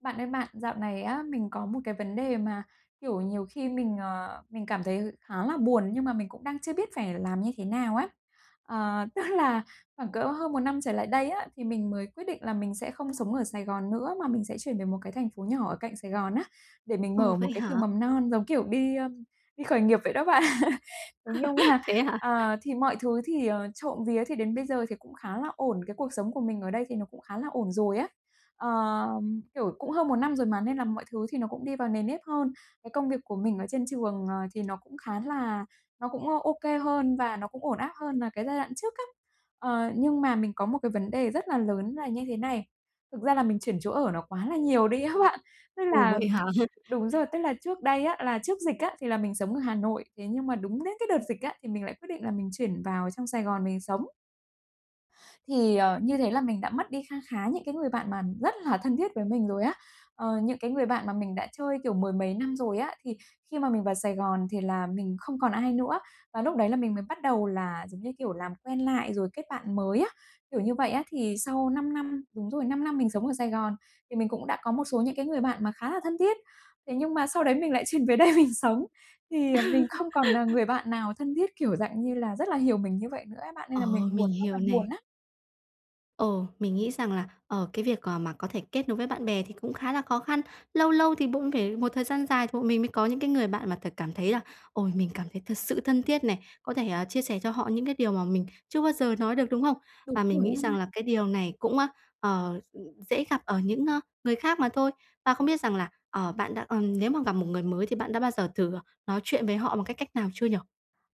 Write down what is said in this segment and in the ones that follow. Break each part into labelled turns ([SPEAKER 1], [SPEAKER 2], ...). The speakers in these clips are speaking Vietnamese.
[SPEAKER 1] Bạn ơi bạn, dạo này á mình có một cái vấn đề mà, kiểu, nhiều khi mình, ờ, mình cảm thấy khá là buồn, nhưng mà mình cũng đang chưa biết phải làm như thế nào á. Ờ, tức là, khoảng cỡ hơn một năm trở lại đây á thì mình mới quyết định là mình sẽ không sống ở Sài Gòn nữa, mà mình sẽ chuyển về một cái thành phố nhỏ ở cạnh Sài Gòn á để mình
[SPEAKER 2] Ừ,
[SPEAKER 1] mở một
[SPEAKER 2] vậy
[SPEAKER 1] cái
[SPEAKER 2] hả?
[SPEAKER 1] trường mầm non, giống kiểu đi, ơ, đi khởi nghiệp vậy đó bạn. Thế nhưng mà,
[SPEAKER 2] Thế hả?
[SPEAKER 1] ờ, thì mọi thứ thì, ờ, trộm vía thì đến bây giờ thì cũng khá là ổn, cái cuộc sống của mình ở đây thì nó cũng khá là ổn rồi á. Ờ, kiểu, cũng hơn một năm rồi mà nên là mọi thứ thì nó cũng đi vào nề nếp hơn. Cái công việc của mình ở trên trường, ờ, thì nó cũng khá là nó cũng OK hơn và nó cũng ổn áp hơn là cái giai đoạn trước á. Ờ, nhưng mà mình có một cái vấn đề rất là lớn là như thế này, thực ra là mình chuyển chỗ ở nó quá là nhiều đi á bạn. Tức
[SPEAKER 2] Ồ,
[SPEAKER 1] là
[SPEAKER 2] vậy hả?
[SPEAKER 1] đúng rồi, tức là trước đây á, là trước dịch á, thì là mình sống ở Hà Nội, thế nhưng mà đúng đến cái đợt dịch á thì mình lại quyết định là mình chuyển vào trong Sài Gòn mình sống. Thì, ờ, như thế là mình đã mất đi kha khá những cái người bạn mà rất là thân thiết với mình rồi á, ờ, những cái người bạn mà mình đã chơi, kiểu, mười mấy năm rồi á, thì khi mà mình vào Sài Gòn thì là mình không còn ai nữa. Và lúc đấy là mình mới bắt đầu là, giống như kiểu, làm quen lại rồi kết bạn mới á, kiểu như vậy á. Thì sau 5 năm đúng rồi, 5 năm mình sống ở Sài Gòn thì mình cũng đã có một số những cái người bạn mà khá là thân thiết. Thế nhưng mà sau đấy mình lại chuyển về đây mình sống, thì mình không còn n người bạn nào thân thiết, kiểu, dạng như là, rất là hiểu mình như vậy nữa ấy bạn, nên là mình
[SPEAKER 2] Ờ,
[SPEAKER 1] buồn
[SPEAKER 2] mình
[SPEAKER 1] ơi
[SPEAKER 2] hiểu
[SPEAKER 1] là buồn
[SPEAKER 2] này.
[SPEAKER 1] á.
[SPEAKER 2] Ờ. Mình nghĩ rằng là, ờ, cái việc, ờ, mà có thể kết nối với bạn bè thì cũng khá là khó khăn. Lâu lâu thì cũng phải một thời gian dài tụi mình mới có những cái người bạn mà thật cảm thấy là "Ôi, mình cảm thấy thật sự thân thiết này, có thể, à, chia sẻ cho họ những cái điều mà mình chưa bao giờ nói được", đúng hông?
[SPEAKER 1] Đúng
[SPEAKER 2] Và mình
[SPEAKER 1] rồi
[SPEAKER 2] nghĩ
[SPEAKER 1] á
[SPEAKER 2] rằng
[SPEAKER 1] bạn.
[SPEAKER 2] là cái điều này cũng, ơ, ờ, ừm, dễ gặp ở những, ơ, người khác mà thôi. Và không biết rằng là, ờ, bạn đã ừm, nếu mà gặp một người mới thì bạn đã bao giờ thử, ờ, nói chuyện với họ bằng cái cách nào chưa nhỉ?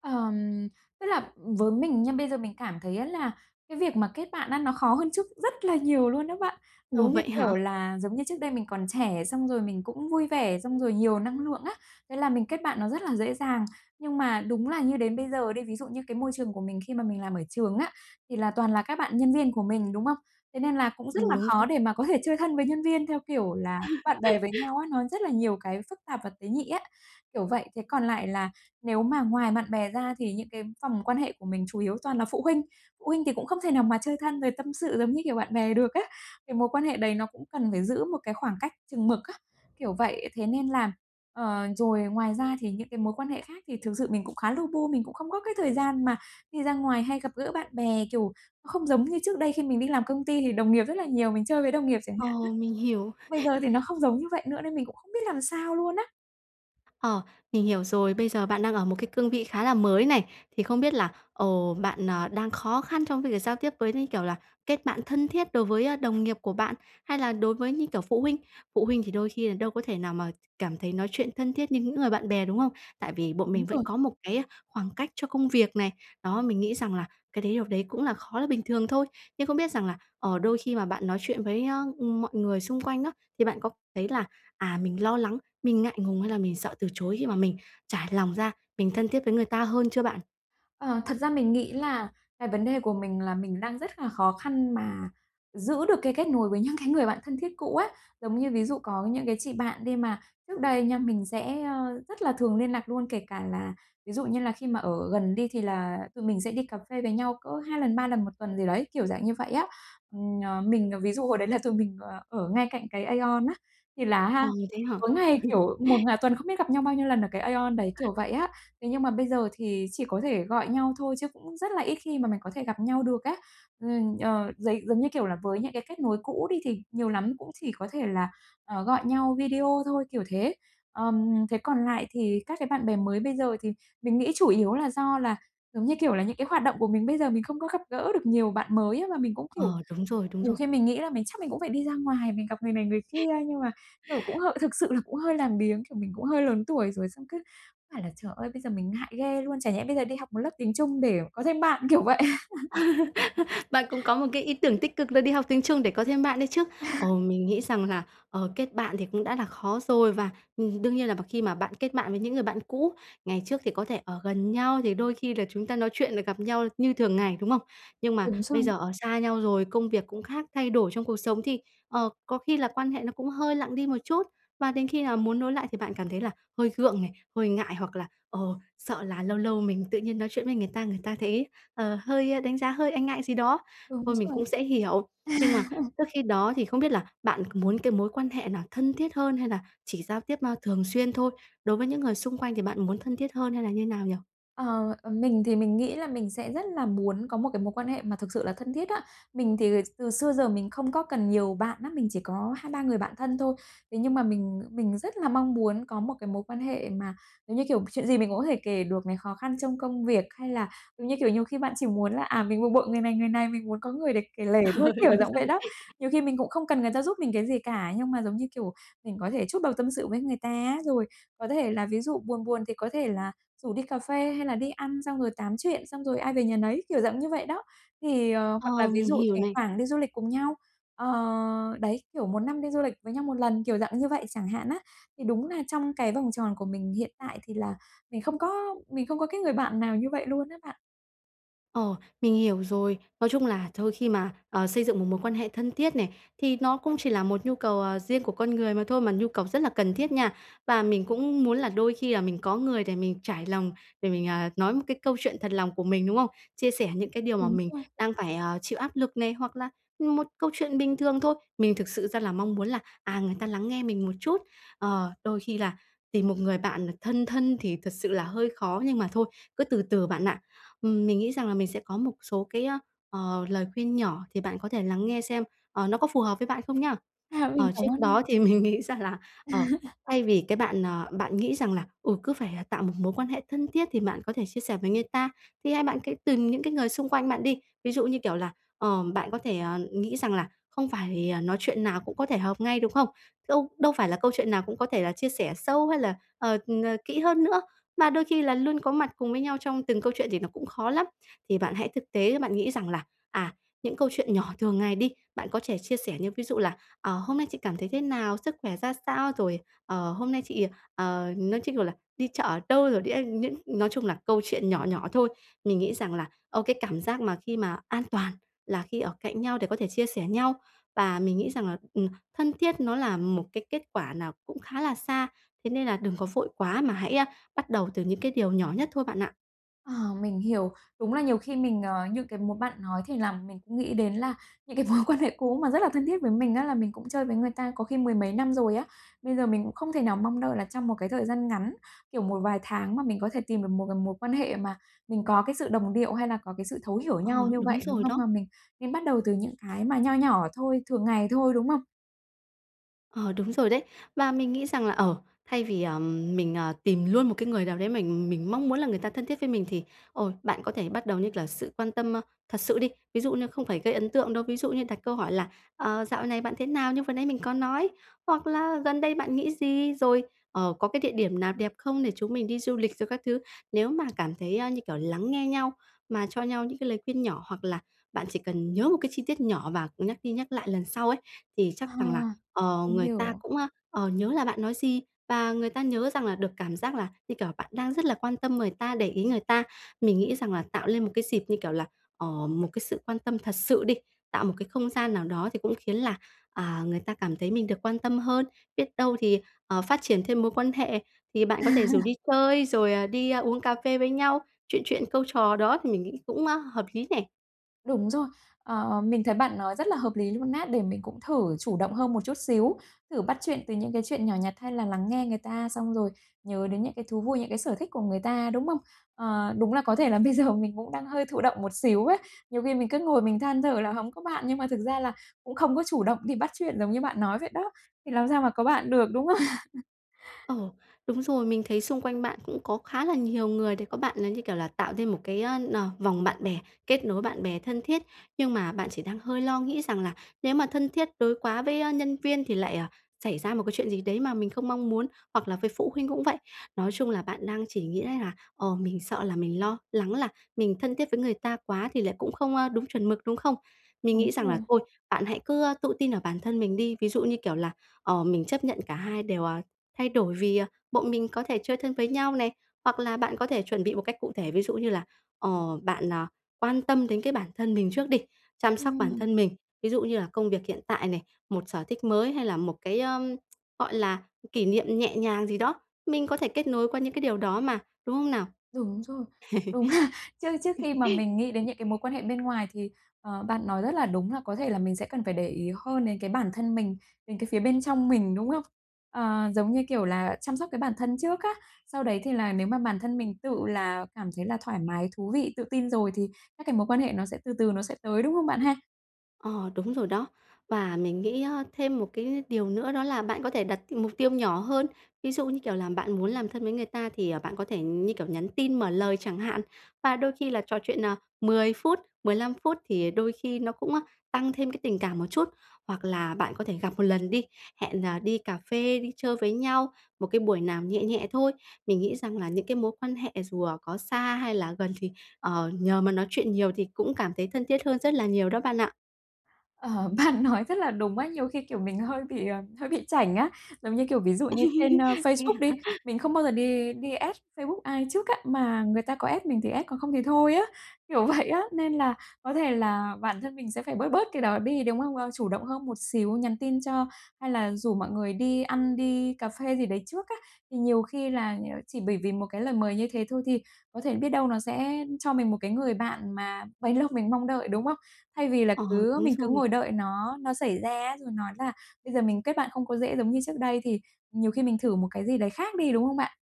[SPEAKER 1] Ờm, tức là với mình nha bây giờ mình cảm thấy á là cái việc mà kết bạn á nó khó hơn trước rất là nhiều luôn á bạn.
[SPEAKER 2] Ủa,
[SPEAKER 1] Giống như,
[SPEAKER 2] vậy hả?
[SPEAKER 1] kiểu, là giống như trước đây mình còn trẻ xong rồi mình cũng vui vẻ, xong rồi nhiều năng lượng á, thế là mình kết bạn nó rất là dễ dàng. Nhưng mà đúng là như đến bây giờ đi, ví dụ như cái môi trường của mình khi mà mình làm ở trường á, thì là toàn là các bạn nhân viên của mình, đúng không? Thế nên là cũng rất
[SPEAKER 2] Ừm.
[SPEAKER 1] là
[SPEAKER 2] Đúng rồi.
[SPEAKER 1] khó để mà có thể chơi thân với nhân viên theo kiểu là bạn bè với nhau á, nó rất là nhiều cái phức tạp và tế nhị á, kiểu vậy. Thế còn lại là nếu mà ngoài bạn bè ra thì những cái vòng quan hệ của mình chủ yếu toàn là phụ huynh. Phụ huynh thì cũng không thể nào mà chơi thân rồi tâm sự giống như kiểu bạn bè được á, cái mối quan hệ đấy nó cũng cần phải giữ một cái khoảng cách chừng mực á, kiểu vậy. Thế nên là ờ, rồi ngoài ra thì những cái mối quan hệ khác thì thực sự mình cũng khá lu bu, mình cũng không có cái thời gian mà đi ra ngoài hay gặp gỡ bạn bè, kiểu, không giống như trước đây khi mình đi làm công ty thì đồng nghiệp rất là nhiều, mình chơi với đồng nghiệp chẳng hạn
[SPEAKER 2] Ồ. Mình
[SPEAKER 1] á.
[SPEAKER 2] hiểu.
[SPEAKER 1] Bây giờ thì nó không giống như vậy nữa nên mình cũng không biết làm sao luôn á.
[SPEAKER 2] Ờ. Mình hiểu rồi. Bây giờ bạn đang ở một cái cương vị khá là mới này. Thì không biết là, ồ, bạn, ờ, đang khó khăn trong cái việc giao tiếp với, như kiểu là, kết bạn thân thiết đối với, ơ, đồng nghiệp của bạn, hay là đối với, như kiểu, phụ huynh? Phụ huynh thì đôi khi là đâu có thể nào mà cảm thấy nói chuyện thân thiết như những người bạn bè, đúng không? Tại vì bọn
[SPEAKER 1] Đúng
[SPEAKER 2] mình vẫn
[SPEAKER 1] rồi.
[SPEAKER 2] có một cái khoảng cách cho công việc này. Đó. Mình nghĩ rằng là cái đấy điều đấy cũng là khó là bình thường thôi. Nhưng không biết rằng là, ờ, đôi khi mà bạn nói chuyện với, a, ừm, mọi người xung quanh á thì bạn có thấy là, à, mình lo lắng, mình ngại ngùng hay là mình sợ từ chối khi mà mình trải lòng ra, mình thân thiết với người ta hơn chưa bạn?
[SPEAKER 1] Ờ, thật ra mình nghĩ là cái vấn đề của mình là mình đang rất là khó khăn mà giữ được cái kết nối với những cái người bạn thân thiết cũ ấy. Giống như ví dụ có những cái chị bạn đi mà trước đây nha, mình sẽ, ờ, rất là thường liên lạc luôn, kể cả là ví dụ như là khi mà ở gần đi, thì là tụi mình sẽ đi cà phê với nhau cỡ 2 lần, 3 lần một tuần gì đấy, kiểu dạng như vậy á. Ừm, ờ, mình ví dụ hồi đấy là tụi mình, ờ, ở ngay cạnh cái AEON á, thì là á
[SPEAKER 2] Ờ,
[SPEAKER 1] ha
[SPEAKER 2] thế hả?
[SPEAKER 1] tối ngày, kiểu, một ng tuần không biết gặp nhau bao nhiêu lần ở cái Aeon đấy, kiểu vậy á. Thế nhưng mà bây giờ thì chỉ có thể gọi nhau thôi chứ cũng rất là ít khi mà mày có thể gặp nhau được á. Ừm, ờ, giấy giống như kiểu là với những cái kết nối cũ đi thì nhiều lắm cũng chỉ có thể là, ờ, gọi nhau video thôi, kiểu thế. Ờm, thế còn lại thì các cái bạn bè mới bây giờ thì mình nghĩ chủ yếu là do là, giống như kiểu là, những cái hoạt động của mình bây giờ mình không có gặp gỡ được nhiều bạn mới. Mà mình cũng, kiểu,
[SPEAKER 2] Ờ, đúng rồi, đúng
[SPEAKER 1] nhiều
[SPEAKER 2] rồi.
[SPEAKER 1] khi mình nghĩ là mình chắc mình cũng phải đi ra ngoài, mình gặp người này người kia, nhưng mà, kiểu, cũng h thực sự là cũng hơi làm biếng. Kiểu, mình cũng hơi lớn tuổi rồi, xong cứ phải là, trời ơi, bây giờ mình ngại ghê luôn, chẳng lẽ bây giờ đi học một lớp tiếng Trung để có thêm bạn, kiểu vậy.
[SPEAKER 2] Bạn cũng có một cái ý tưởng tích cực là đi học tiếng Trung để có thêm bạn đấy chứ. Ờm, mình nghĩ rằng là, ờ, kết bạn thì cũng đã là khó rồi và, ừm, đương nhiên là b khi mà bạn kết bạn với những người bạn cũ, ngày trước thì có thể ở gần nhau thì đôi khi là chúng ta nói chuyện rồi gặp nhau như thường ngày, đúng không? Nhưng mà
[SPEAKER 1] Đúng
[SPEAKER 2] bây
[SPEAKER 1] rồi.
[SPEAKER 2] giờ ở xa nhau rồi, công việc cũng khác, thay đổi trong cuộc sống thì, ờ, có khi là quan hệ nó cũng hơi lặng đi một chút. Và đến khi nào muốn nối lại thì bạn cảm thấy là hơi gượng này, hơi ngại hoặc là, ờ, sợ là lâu lâu mình tự nhiên nói chuyện với người ta, người ta thấy, ờ, hơi đánh giá, hơi e ngại gì đó.
[SPEAKER 1] Đúng
[SPEAKER 2] Thôi mình
[SPEAKER 1] rồi.
[SPEAKER 2] cũng sẽ hiểu. Nhưng mà trước khi đó thì không biết là bạn muốn cái mối quan hệ là thân thiết hơn hay là chỉ giao tiếp thường xuyên thôi? Đối với những người xung quanh thì bạn muốn thân thiết hơn hay là như nào nhỉ?
[SPEAKER 1] Ờ, ờ, mình thì mình nghĩ là mình sẽ rất là muốn có một cái mối quan hệ mà thực sự là thân thiết đó. Mình thì từ xưa giờ mình không có cần nhiều bạn lắm, mình chỉ có 2-3 người bạn thân thôi. Thế nhưng mà mình mình rất là mong muốn có một cái mối quan hệ mà giống như kiểu chuyện gì mình cũng có thể kể được này, khó khăn trong công việc, hay là, giống như kiểu, nhiều khi bạn chỉ muốn là, à, mình bực bội người này, người này, mình muốn có người để kể lể thôi,
[SPEAKER 2] Ờ,
[SPEAKER 1] kiểu
[SPEAKER 2] đúng
[SPEAKER 1] dạng vậy
[SPEAKER 2] rồi.
[SPEAKER 1] đó. Nhiều khi mình cũng không cần người ta giúp mình cái gì cả, nhưng mà giống như kiểu mình có thể trút bầu tâm sự với người ta á, rồi có thể là ví dụ buồn buồn thì có thể là rủ đi cà phê hay là đi ăn xong rồi tám chuyện xong rồi ai về nhà nấy, kiểu dạng như vậy đó. Thì ờ,
[SPEAKER 2] Ờ,
[SPEAKER 1] hoặc là ví
[SPEAKER 2] mình
[SPEAKER 1] dụ
[SPEAKER 2] hiểu
[SPEAKER 1] thỉnh
[SPEAKER 2] này.
[SPEAKER 1] thoảng đi du lịch cùng nhau, ờ, đấy, kiểu một năm đi du lịch với nhau một lần, kiểu dạng như vậy chẳng hạn á. Thì đúng là trong cái vòng tròn của mình hiện tại thì là mình không có mình không có cái người bạn nào như vậy luôn á bạn.
[SPEAKER 2] Ồ, mình hiểu rồi. Nói chung là thôi, khi mà, ờ, xây dựng một mối quan hệ thân thiết này, thì nó cũng chỉ là một nhu cầu, à, riêng của con người mà thôi, mà nhu cầu rất là cần thiết nha. Và mình cũng muốn là đôi khi là mình có người để mình trải lòng, để mình, à, nói một cái câu chuyện thật lòng của mình, đúng không? Chia sẻ những cái điều mà
[SPEAKER 1] Đúng
[SPEAKER 2] mình
[SPEAKER 1] rồi.
[SPEAKER 2] đang phải, ờ, chịu áp lực này, hoặc là một câu chuyện bình thường thôi. Mình thực sự ra là mong muốn là, à, người ta lắng nghe mình một chút. Ờ, đôi khi là tìm một người bạn thân thân thì thật sự là hơi khó nhưng mà thôi, cứ từ từ bạn ạ. Ừm, mình nghĩ rằng là mình sẽ có một số cái, ờ, lời khuyên nhỏ thì bạn có thể lắng nghe xem, ờ, nó có phù hợp với bạn không nhá?
[SPEAKER 1] À, mình
[SPEAKER 2] Ờ,
[SPEAKER 1] cảm
[SPEAKER 2] trước
[SPEAKER 1] ơn nha!
[SPEAKER 2] đó thì mình nghĩ rằng là, ờ, thay vì cái bạn, à, bạn nghĩ rằng là, ừ, cứ phải, à, tạo một mối quan hệ thân thiết thì bạn có thể chia sẻ với người ta, thì hay bạn cứ tìm những cái người xung quanh bạn đi. Ví dụ như kiểu là, ờm, bạn có thể, à, nghĩ rằng là không phải nói chuyện nào cũng có thể hợp ngay, đúng không? Đâu đâu phải là câu chuyện nào cũng có thể là chia sẻ sâu hay là, ờ, ờ, kỹ hơn nữa, mà đôi khi là luôn có mặt cùng với nhau trong từng câu chuyện thì nó cũng khó lắm. Thì bạn hãy thực tế, bạn nghĩ rằng là, à, những câu chuyện nhỏ thường ngày đi, bạn có thể chia sẻ như ví dụ là, ờ, hôm nay chị cảm thấy thế nào, sức khỏe ra sao, rồi, ờ, hôm nay chị, ờ, nói chung, kiểu là, đi chợ ở đâu rồi, đi ăn những nói chung là câu chuyện nhỏ nhỏ thôi. Mình nghĩ rằng là, ờ, cái cảm giác mà khi mà an toàn là khi ở cạnh nhau để có thể chia sẻ nhau. Và mình nghĩ rằng là, ừm, thân thiết nó là một cái kết quả nào cũng khá là xa, thế nên là đừng có vội quá mà hãy bắt đầu từ những cái điều nhỏ nhất thôi bạn ạ.
[SPEAKER 1] Ờ, mình hiểu. Đúng là nhiều khi mình, ờ, như cái mố bạn nói thì làm mình cũng nghĩ đến à những cái mối quan hệ cũ mà rất là thân thiết với mình á, là mình cũng chơi với người ta có khi mười mấy năm rồi á. Bây giờ mình cũng không thể nào mong đợi là trong một cái thời gian ngắn, kiểu một vài tháng mà mình có thể tìm được một cái mối quan hệ mà mình có cái sự đồng điệu hay là có cái sự thấu hiểu
[SPEAKER 2] Ờ,
[SPEAKER 1] nhau như
[SPEAKER 2] đúng
[SPEAKER 1] vậy, đúng
[SPEAKER 2] rồi
[SPEAKER 1] không?
[SPEAKER 2] đó.
[SPEAKER 1] Mà mình nên bắt đầu từ những cái mà nho nhỏ thôi, thường ngày thôi, đúng không?
[SPEAKER 2] Ờ, đúng rồi đấy. Và mình nghĩ rằng là, ờ, thay vì, ờ, mình, ờ, tìm luôn một cái người nào đấy mình mình mong muốn là người ta thân thiết với mình, thì, ôi, bạn có thể bắt đầu như kiểu là sự quan tâm, ơ, thật sự đi. Ví dụ như không phải gây ấn tượng đâu, ví dụ như đặt câu hỏi là "Ờ, dạo này bạn thế nào?", như vừa nãy mình có nói, hoặc là "Gần đây bạn nghĩ gì?", rồi, ờ, "Có cái địa điểm nào đẹp không để chúng mình đi du lịch?", rồi các thứ. Nếu mà cảm thấy như kiểu lắng nghe nhau, mà cho nhau những cái lời khuyên nhỏ. Hoặc là bạn chỉ cần nhớ một cái chi tiết nhỏ và nhắc đi nhắc lại lần sau ấy, thì chắc
[SPEAKER 1] À.
[SPEAKER 2] rằng là, ờ,
[SPEAKER 1] Mình
[SPEAKER 2] người ta
[SPEAKER 1] hiểu.
[SPEAKER 2] cũng, ờ, nhớ là bạn nói gì, và người ta nhớ rằng là được cảm giác là, như kiểu, bạn đang rất là quan tâm người ta, để ý người ta. Mình nghĩ rằng là tạo lên một cái dịp như kiểu là, ờ, một cái sự quan tâm thật sự đi, tạo một cái không gian nào đó, thì cũng khiến là, à, người ta cảm thấy mình được quan tâm hơn. Biết đâu thì, ờ, phát triển thêm mối quan hệ, thì bạn có thể rủ đi chơi rồi, ờ, đi uống cà phê với nhau, chuyện chuyện câu trò đó, thì mình nghĩ cũng hợp lý nè.
[SPEAKER 1] Đúng rồi. Ờ, mình thấy bạn nói rất là hợp lý luôn á. Để mình cũng thử chủ động hơn một chút xíu, thử bắt chuyện từ những cái chuyện nhỏ nhặt hay là lắng nghe người ta xong rồi nhớ đến những cái thú vui, những cái sở thích của người ta, đúng không? Ờ, đúng là có thể là bây giờ mình cũng đang hơi thụ động một xíu á. Nhiều khi mình cứ ngồi mình than thở là hổng có bạn, nhưng mà thực ra là cũng không có chủ động đi bắt chuyện giống như bạn nói vậy đó, thì làm sao mà có bạn được, đúng không?
[SPEAKER 2] Ồ, đúng rồi. Mình thấy xung quanh bạn cũng có khá là nhiều người để có bạn là như, kiểu là, tạo thêm một cái, ơ, nờ, vòng bạn bè, kết nối bạn bè thân thiết. Nhưng mà bạn chỉ đang hơi lo nghĩ rằng là nếu mà thân thiết đối quá với, a, nhân viên thì lại, ờ, xảy ra một cái chuyện gì đấy mà mình không mong muốn, hoặc là với phụ huynh cũng vậy. Nói chung là bạn đang chỉ nghĩ đấy là, ồ, mình sợ là mình lo lắng là mình thân thiết với người ta quá thì lại cũng không, ơ, đúng chuẩn mực, đúng không? Mình
[SPEAKER 1] Đúng
[SPEAKER 2] nghĩ rằng là
[SPEAKER 1] rồi.
[SPEAKER 2] thôi, bạn hãy cứ, ơ, tự tin ở bản thân mình đi. Ví dụ như, kiểu là, ờ, mình chấp nhận cả hai đều, ờ, thay đổi vì, ờ, bọn mình có thể chơi thân với nhau này, hoặc là bạn có thể chuẩn bị một cách cụ thể. Ví dụ như là, ờ, bạn, ờ, quan tâm đến cái bản thân mình trước đi, chăm sóc bản
[SPEAKER 1] Ừm.
[SPEAKER 2] thân mình. Ví dụ như là công việc hiện tại này, một sở thích mới hay là một cái, ờm, gọi là, kỷ niệm nhẹ nhàng gì đó, mình có thể kết nối qua những cái điều đó mà, đúng không nào?
[SPEAKER 1] Đúng rồi. Đúng là trước trước khi mà mình nghĩ đến những cái mối quan hệ bên ngoài thì, ờ, bạn nói rất là đúng là có thể là mình sẽ cần phải để ý hơn đến cái bản thân mình, đến cái phía bên trong mình, đúng không? Ờ, giống như, kiểu là, chăm sóc cái bản thân trước á. Sau đấy thì là nếu mà bản thân mình tự là cảm thấy là thoải mái, thú vị, tự tin rồi thì các cái mối quan hệ nó sẽ từ từ nó sẽ tới, đúng không bạn ha?
[SPEAKER 2] Ờ, đúng rồi đó. Và mình nghĩ á thêm một cái điều nữa đó là bạn có thể đặt mục tiêu nhỏ hơn. Ví dụ như, kiểu, là bạn muốn làm thân với người ta thì, ờ, bạn có thể như, kiểu, nhắn tin mở lời chẳng hạn. Và đôi khi là trò chuyện, à, 10 phút, 15 phút thì đôi khi nó cũng, a, tăng thêm cái tình cảm một chút, hoặc là bạn có thể gặp một lần đi, hẹn, à, đi cà phê, đi chơi với nhau, một cái buổi nào nhẹ nhẹ thôi. Mình nghĩ rằng là những cái mối quan hệ dù, à, có xa hay là gần thì, ờ, nhờ mà nói chuyện nhiều thì cũng cảm thấy thân thiết hơn rất là nhiều đó bạn ạ.
[SPEAKER 1] Ờ, bạn nói rất là đúng á. Nhiều khi, kiểu, mình hơi bị, ờ, hơi bị chảnh á. Giống như, kiểu, ví dụ như trên, ơ,
[SPEAKER 2] Thế
[SPEAKER 1] Facebook đi,
[SPEAKER 2] hả?
[SPEAKER 1] mình không bao giờ đi đi add Facebook ai trước á, mà người ta có add mình thì add còn không thì thôi á, kiểu vậy á, nên là có thể là bản thân mình sẽ phải bớt bớt cái đó đi, đúng không? Ơ, chủ động hơn một xíu, nhắn tin cho, hay là rủ mọi người đi ăn, đi cà phê gì đấy trước á. Thì nhiều khi là nh chỉ bởi vì một cái lời mời như thế thôi thì có thể biết đâu nó sẽ cho mình một cái người bạn mà bấy lâu mình mong đợi, đúng không? Thay vì là
[SPEAKER 2] Ờ,
[SPEAKER 1] cứ
[SPEAKER 2] đúng
[SPEAKER 1] mình cứ
[SPEAKER 2] rồi.
[SPEAKER 1] ngồi đợi nó nó xảy ra rồi nói là "Bây giờ mình kết bạn không có dễ giống như trước đây", thì nhiều khi mình thử một cái gì đấy khác đi, đúng không bạn?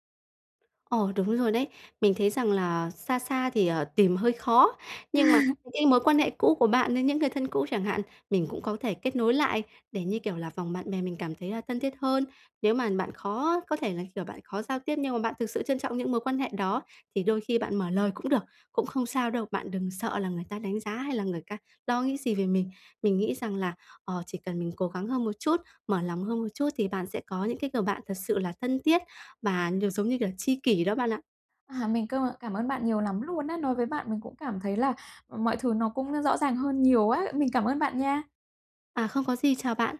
[SPEAKER 2] Ờ, đúng rồi đấy. Mình thấy rằng là xa xa thì, ờ, tìm hơi khó. Nhưng mà cái mối quan hệ cũ của bạn với những người thân cũ chẳng hạn, mình cũng có thể kết nối lại để, như kiểu là, vòng bạn bè mình cảm thấy là thân thiết hơn. Nếu mà bạn khó có thể là, kiểu, bạn khó giao tiếp nhưng mà bạn thực sự trân trọng những mối quan hệ đó, thì đôi khi bạn mở lời cũng được, cũng không sao đâu, bạn đừng sợ là người ta đánh giá hay là người ca lo nghĩ gì về mình. Mình nghĩ rằng là, ờ, chỉ cần mình cố gắng hơn một chút, mở lòng hơn một chút thì bạn sẽ có những cái người bạn thật sự là thân thiết và nh giống như kiểu, tri kỷ đó bạn ạ.
[SPEAKER 1] À, mình cơ mợ cảm ơn bạn nhiều lắm luôn á! Nói với bạn mình cũng cảm thấy là mọi thứ nó cũng rõ ràng hơn nhiều á. Mình cảm ơn bạn nha.
[SPEAKER 2] À, không có gì, chào bạn.